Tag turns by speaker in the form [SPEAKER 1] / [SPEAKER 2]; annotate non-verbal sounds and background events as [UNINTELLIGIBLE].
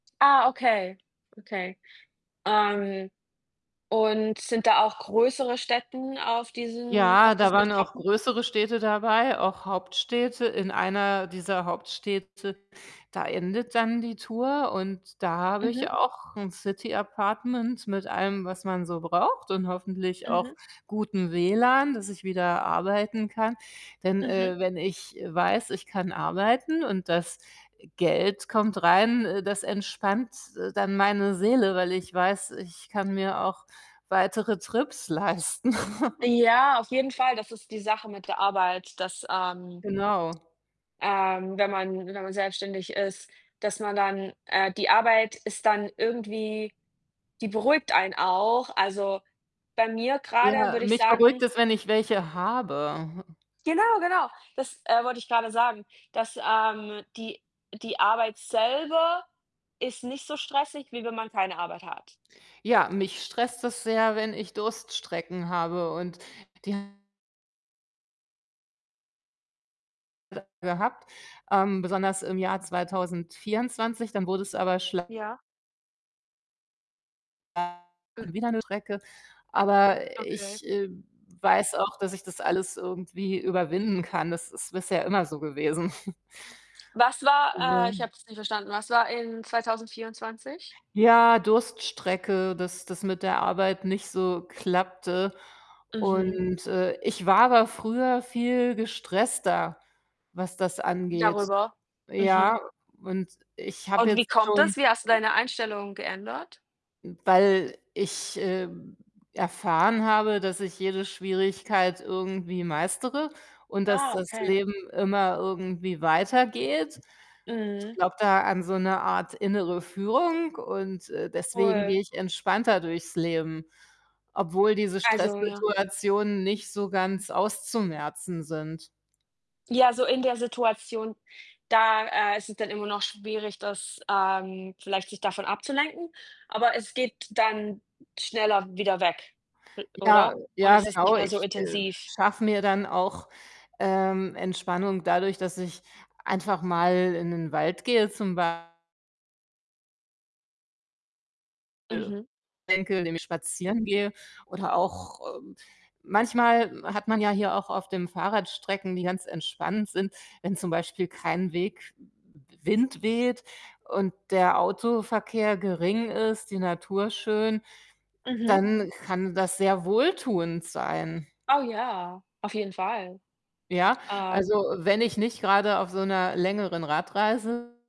[SPEAKER 1] Ah, okay. Okay. Ähm, und sind da auch größere Städten auf diesen auf
[SPEAKER 2] Ja, da
[SPEAKER 1] diesen
[SPEAKER 2] waren auch
[SPEAKER 1] Etappen?
[SPEAKER 2] größere Städte dabei, auch Hauptstädte. In einer dieser Hauptstädte, da endet dann die Tour und da habe ich
[SPEAKER 1] Mhm.
[SPEAKER 2] auch 'n City Apartment mit allem, was man so braucht und hoffentlich auch
[SPEAKER 1] Mhm.
[SPEAKER 2] gutem WLAN, dass ich wieder arbeiten kann. Denn,
[SPEAKER 1] Mhm.
[SPEAKER 2] äh, wenn ich weiß, ich kann arbeiten und das Geld kommt rein, äh, das entspannt dann meine Seele, weil ich weiß, ich kann mir auch weitere Trips leisten. [CHUCKLES]
[SPEAKER 1] Ja, auf jeden Fall. Das ist die Sache mit der Arbeit, dass, ähm,
[SPEAKER 2] Genau.
[SPEAKER 1] ähm, wenn man wenn man selbstständig ist, dass man dann äh, die Arbeit ist dann irgendwie die beruhigt einen auch. Also, bei mir grade
[SPEAKER 2] Ja,
[SPEAKER 1] würde ich
[SPEAKER 2] mich
[SPEAKER 1] sagen
[SPEAKER 2] beruhigt es, wenn ich welche habe.
[SPEAKER 1] Genau, genau. Das, äh, wollte ich grade sagen, dass, ähm, die die Arbeit selber ist nicht so stressig, wie wenn man keine Arbeit hat.
[SPEAKER 2] Ja, mich stresst es sehr, wenn ich Durststrecken habe und die [UNINTELLIGIBLE] gehabt, ähm, besonders im Jahr 2024. Dann wurde es aber schl
[SPEAKER 1] Ja?
[SPEAKER 2] [UNINTELLIGIBLE]
[SPEAKER 1] M
[SPEAKER 2] wieder 'ne Strecke. Aber
[SPEAKER 1] Okay.
[SPEAKER 2] ich, äh, weiß auch, dass ich das alles irgendwie überwinden kann. Das ist bisher immer so gewesen. [CHUCKLES]
[SPEAKER 1] Was war äh, ich
[SPEAKER 2] Also.
[SPEAKER 1] habe es nicht verstanden. Was war in 2024?
[SPEAKER 2] Ja, Durststrecke, dass das mit der Arbeit nicht so klappte.
[SPEAKER 1] Mhm.
[SPEAKER 2] Und, äh, ich war aber früher viel gestresster, was das angeht.
[SPEAKER 1] Darüber? Mhm.
[SPEAKER 2] Ja, und ich habe
[SPEAKER 1] Und wie
[SPEAKER 2] jetzt
[SPEAKER 1] kommt
[SPEAKER 2] schon
[SPEAKER 1] es? Wie hast du deine Einstellung geändert?
[SPEAKER 2] hm, weil ich, äh, erfahren habe, dass ich jede Schwierigkeit irgendwie meistere und dass
[SPEAKER 1] Ah,
[SPEAKER 2] das
[SPEAKER 1] okay.
[SPEAKER 2] Leben immer irgendwie weitergeht. Ich
[SPEAKER 1] Mhm.
[SPEAKER 2] glaube da an so 'ne Art innere Führung und, äh, deswegen
[SPEAKER 1] Cool.
[SPEAKER 2] gehe ich entspannter durchs Leben. Obwohl diese
[SPEAKER 1] Also, ja.
[SPEAKER 2] Stresssituationen nicht so ganz auszumerzen sind.
[SPEAKER 1] Ja, so in der Situation, da, äh, ist es dann immer noch schwierig, das, ähm vielleicht sich davon abzulenken, aber es geht dann schneller wieder weg, l
[SPEAKER 2] Ja.
[SPEAKER 1] oder? Und
[SPEAKER 2] Ja,
[SPEAKER 1] es ist nicht
[SPEAKER 2] genau.
[SPEAKER 1] mehr
[SPEAKER 2] Ich,
[SPEAKER 1] so
[SPEAKER 2] äh,
[SPEAKER 1] intensiv.
[SPEAKER 2] schaffe mir dann auch, ähm, Entspannung dadurch, dass ich einfach mal in 'nen Wald gehe zum Bei
[SPEAKER 1] Mhm.
[SPEAKER 2] [UNINTELLIGIBLE] Enkel, dem ich spazieren gehe oder auch, äh manchmal hat man ja hier auch auf dem Fahrrad Strecken, die ganz entspannt sind, wenn zum Beispiel kein Weg W Wind weht und der Autoverkehr gering ist, die Natur schön,
[SPEAKER 1] Mhm.
[SPEAKER 2] dann kann das sehr wohltuend sein.
[SPEAKER 1] Oh, ja, auf jeden Fall.
[SPEAKER 2] Ja,
[SPEAKER 1] Ähm
[SPEAKER 2] also, wenn ich nicht grade auf so 'ner längeren Radreise